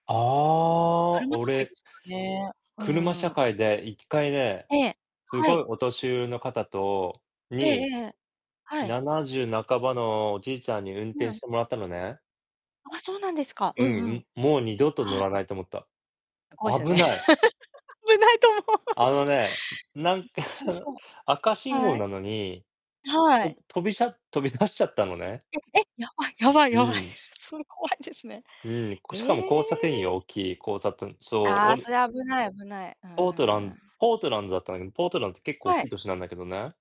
ああ。車社会で俺すからね。う車ー社ん。会で1回ね、ええ。すはごいい。お年寄りの方とええにええ。はい。70半ばのおじいちゃんに運う転ん。してもらったのね。あ、そうなんですか。うんううん、ん。ん。もう二度と乗はい。らないと思った。あ、怖いですよね。危ない。危ないと思うあし。のね、なんか [unintelligible] そ赤う。信号はい。なのに、はほんい。飛びしゃ飛び出しちゃったのね。ええ！やばいやばいうやばい。ん。それ怖いですね。うん。えしかも交差点よ、え。大きい交差点そう。あおあ、そるれは、危ない危ない。うーポートランん。ポートランドだったんだけど、ポートランドって結構大はい。きい都市なんだけどね。